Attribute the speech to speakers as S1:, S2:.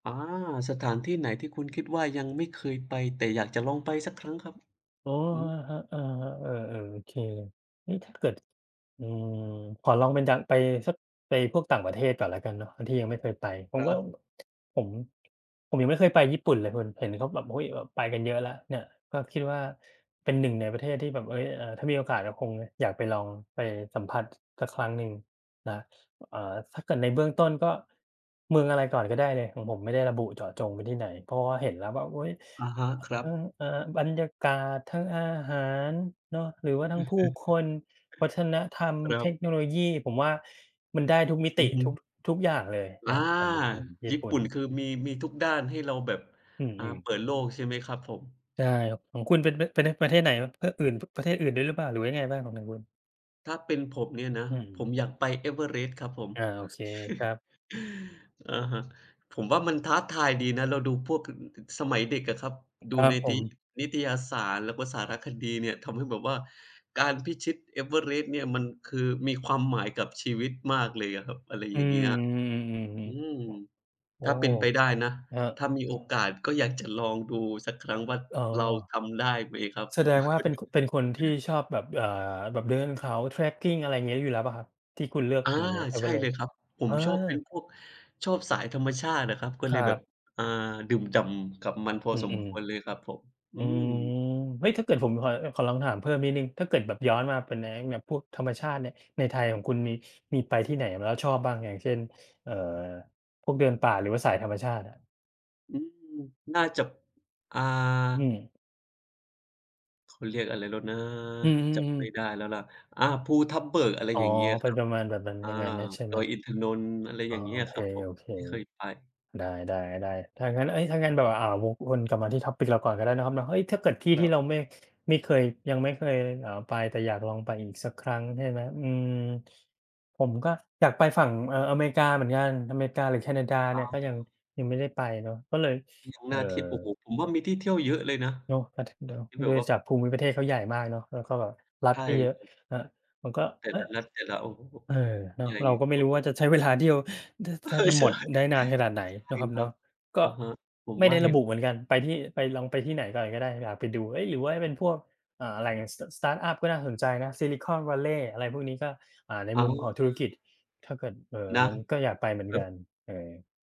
S1: อา สถานที่ไหนที่คุณคิดว่ายังไม่เคยไป แต่อยากจะลองไปสักครั้งครับ?
S2: โอ้
S1: อืม
S2: อะฮะ อะฮะ เอ่อ ๆ โอเค นี่ถ้าเกิด อืม ขอลองเป็นดัง ไปสัก ไปพวกต่างประเทศก่อนแล้วกันเนาะ ที่ยังไม่เคยไป ผ
S1: ค
S2: ม
S1: ร
S2: ว่า
S1: ับ
S2: ผม ผมยังไม่เคยไปญี่ปุ่นเลยเพิน เห็นเขาแบบ อุ๊ย แบบไปกันเยอะแล้วเนี่ย ก็คิดว่าเป็น 1 ในประเทศที่แบบ เอ๊ย อ่า ถ้ามีโอกาสก็คงอยากไปลอง ไปสัมผัสสักครั้งหนึ่งนะ อ่า ถ้าเกิดในเบื้องต้น ก็เมืองอะไรก่อนก็ได้เลย ของผมไม่ได้ระบุเจาะจงไปที่ไหน เพราะว่าเห็นแล้วแบบ อุ๊ย
S1: อะฮะ ครั
S2: เอ่อ
S1: บ
S2: อ่า บรรยากาศ ทั้งอาหารเนาะ หรือว่าทั้งผู้คน วัฒนธรรม
S1: ครั
S2: เท
S1: บ
S2: คโนโลยี ผมว่า มันได้ทุกมิ
S1: อ
S2: ต
S1: ื
S2: ิ
S1: อฮึ
S2: ทุก ทุกอย่างเลย
S1: อ
S2: น
S1: า
S2: ะ ผมเลย ผม ญี
S1: ญ
S2: ่
S1: ี่
S2: ปุ
S1: ป
S2: ่
S1: ุ่น
S2: น
S1: คือ มี มีทุกด้านให้เราแบบ
S2: อื
S1: อ่า
S2: ม ๆ
S1: เปิดโลกใช่ไหมครับผม?
S2: ใช่ครับ ของคุณ เป็น ป เป็น ท ประเทศไหนครับ ทะอื่น ป ประเทศอื่นด้วยหรือเปล่า? หรือว่ายังไงบ้างของทางคุณ?
S1: ถ้าเป็นผมเนี่ยนะ
S2: อื
S1: ผ
S2: ม
S1: มอยากไป Everest ครับผม
S2: อา โอเคครับ
S1: อะฮะ ผมว่ามันท้าทายดีนะ เราดูพวก ค ค สมัยเด็กอะครับ ดู
S2: ครั
S1: ใ
S2: บ
S1: น
S2: ผ
S1: ติ๊
S2: ม
S1: นิตยสาร แล้วก็สารคดีเนี่ย ทำให้แบบว่าการพิชิต Everest เนี่ย มันคือมีความหมายกับชีวิตมากเลยอะครับ อะไร
S2: อื
S1: อย่างเงี้ย
S2: ม ๆ ๆ อือฮึ
S1: อืม
S2: โอ๊
S1: ถ
S2: ะ
S1: ้าเ
S2: โ
S1: ป
S2: อ
S1: ็
S2: ้!
S1: นไปได้นะ
S2: ครั
S1: ถ
S2: บ
S1: ้ามีโอกาสก็อยากจะลองดูสักครั้งว่า
S2: อ๋อ
S1: เราทำได้ไหมครับ
S2: แส
S1: ผ
S2: ด
S1: ม
S2: งว่าเป็น ค เป็นคนที่ชอบแบบ อ่า แบบเดินเขา trekking อะไรเงี้ย อยู่แล้วเปล่าครับ? ที่คุณเลือก
S1: อา
S2: เป็นเนี่ย
S1: ใช่เล
S2: Everest
S1: ยครับ ผ
S2: อ
S1: มชอบเป็น
S2: า
S1: พวก ชอบสายธรรมชาติอะครับ ก็
S2: ค
S1: เล
S2: รั
S1: ยแบบ
S2: บ
S1: อ่า ดื่มด่ำกับมันพอ
S2: อือ
S1: สมควรเลยครับผม
S2: ๆ
S1: อ
S2: อ
S1: ื
S2: ืม
S1: ม
S2: เฮ้ย! ถ้าเกิดผมขอ เอ่อ ขอลองถามเพิ่มนิดหนึ่ง ถ้าเกิดแบบย้อนมาเป็นในไอ้แบบพวกธรรมชาติเนี่ย ในไทยของคุณ มี มีไปที่ไหนมาแล้วชอบบ้าง? อย่างเช่น เอ่อ พวกเดินป่า หรือว่าสายธรรมชาติอะ
S1: อืม น่าจะ อ่า
S2: อืม
S1: เขาเรียกอะไรแล้วนะ
S2: อื
S1: จ
S2: ม
S1: ำไม่
S2: ๆ ๆ
S1: ได้แล้วล่ะ อ่า ภูทับเบิก อะไร
S2: อ๋อ
S1: อย่างเงี้ย
S2: เป็
S1: ค
S2: น
S1: รั
S2: ป
S1: บ
S2: ระมาณแบบนั้น
S1: อ
S2: อ
S1: า
S2: ย่างงั้นน่ะ ใช่ไ
S1: ด
S2: หม
S1: อยอินทนนท์ อะไร
S2: อ๋
S1: อ
S2: อ
S1: ย่างเงี
S2: โ
S1: ้
S2: อ
S1: ย
S2: เ
S1: ครับผม
S2: ค
S1: ที่เคยไป
S2: ๆ ได้ ๆ ๆ ถ้างั้น เอ๊ย ถ้างั้นแบบว่า อ่า วกวนกลับมาที่ topic เราก่อนก็ได้เนาะครับเนาะ เฮ้ย! ถ้าเกิดที่
S1: ค
S2: ท
S1: ร
S2: ี่
S1: ับ
S2: เรา ไม่ ไม่เคยยังไม่เคย อ่า ไปแต่อยากลองไปอีกสักครั้ง ใช่ไหม อืม ผมก็อยากไปฝั่ง เอ่อ อเมริกาเหมือนกัน อเมริกาหรือแคนาดา
S1: ค
S2: เนี่ย
S1: รับ
S2: ก็ ยัง ยังไม่ได้ไปเนาะ ก็เลย
S1: ยัง
S2: เอ่
S1: น
S2: อ
S1: ่าเที่ยว โอ้โฮ! ผมว่ามีที่เที่ยวเยอะเลยนะ
S2: เนาะ ประเทศเดียว
S1: ที่แบ
S2: โด
S1: บ
S2: ย
S1: ว่า
S2: จากภูมิประเทศเขาใหญ่มากเนาะ แล้วก็แบบรั
S1: ใ
S2: ฐ
S1: ช่
S2: ก็เยอะ
S1: ครับ
S2: อะ ผมก็
S1: แต่
S2: อ
S1: ล
S2: ะ
S1: ะรัฐ แต่ละ โอ้โฮ!
S2: เออ เน
S1: ใ
S2: าะ
S1: หญ่
S2: เราก็ไม
S1: ก
S2: ่
S1: ว่า
S2: รู้ว่าจะใช้เวลาเที่ยว ท
S1: ภู
S2: แท
S1: ทับเบิก เอ
S2: บ
S1: อ
S2: จะ
S1: ใช
S2: หม
S1: ่
S2: ดได้นานขนาดไหน
S1: ใ
S2: เ
S1: ช
S2: นา
S1: ่
S2: ะครับ
S1: ค
S2: เ
S1: ร
S2: น
S1: ั
S2: า
S1: บ
S2: ะ ก็
S1: อะฮะ ผม
S2: ไม่
S1: ว
S2: ไ
S1: ่
S2: ด
S1: า
S2: ้
S1: เ
S2: ร
S1: ห็
S2: ะ
S1: น
S2: บุ
S1: ด
S2: เห
S1: ้
S2: ม
S1: ว
S2: ื
S1: ย
S2: อนกัน ไปที่ ไปลอง ไปที่ไหนก่อนก็ได้ อยากไปดู เอ๊ย! หรือว่าจะเป็นพวก เอ่อ แหล่ง ส สตาร์ตอัป ก็น่าสนใจนะ Silicon Valley อะไรพวกนี้ ก็ อ่า ใน
S1: เอา
S2: มุมของ
S1: เล
S2: ธุรก
S1: ย
S2: ิจ ถ้าเกิด เอ่อ
S1: นะ
S2: มันก็อยากไปเหมือ
S1: แ
S2: น
S1: บ
S2: กั
S1: บ
S2: น เออ